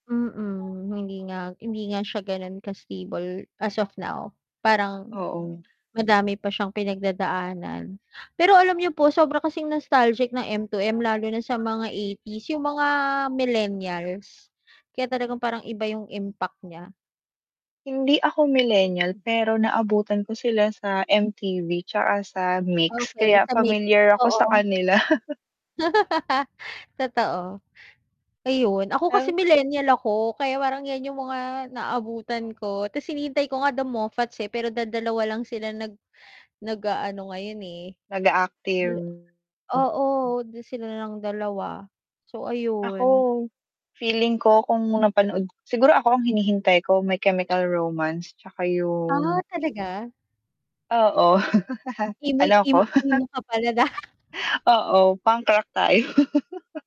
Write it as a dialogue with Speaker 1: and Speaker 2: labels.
Speaker 1: Mm, hindi nga hindi nga siya ganun ka-stable as of now. Parang
Speaker 2: Oo.
Speaker 1: madami pa siyang pinagdadaanan. Pero alam niyo po sobra kasing nostalgic ng M2M lalo na sa mga 80s, yung mga millennials. Kaya talagang parang iba yung impact nya.
Speaker 2: Hindi ako millenial, pero naabutan ko sila sa MTV 'tsaka sa MYX
Speaker 1: Okey,
Speaker 2: kaya
Speaker 1: sa MYX,
Speaker 2: pamilyar ako sa
Speaker 1: oo.
Speaker 2: kanila.
Speaker 1: Totoo. Ayun, ako kasi millennial ako kaya parang 'yan yung mga naabutan ko 'tas hinihintay ko nga The Moffats, eh, pero dadalawa lang sila nag nag-aano ngayon, eh.
Speaker 2: Nag-a-active.
Speaker 1: Dala
Speaker 2: M
Speaker 1: oo, sila na lang dalawa. So,
Speaker 2: Ako
Speaker 1: ayun.
Speaker 2: feeling ko kung napanood siguro ako ang hinihintay ko My Chemical Romance 'tsaka
Speaker 1: Ah,
Speaker 2: yung
Speaker 1: talaga?
Speaker 2: Oo,
Speaker 1: Imoy
Speaker 2: ano ako.
Speaker 1: emo, emo ka pala da
Speaker 2: Oo, punk rock tayo.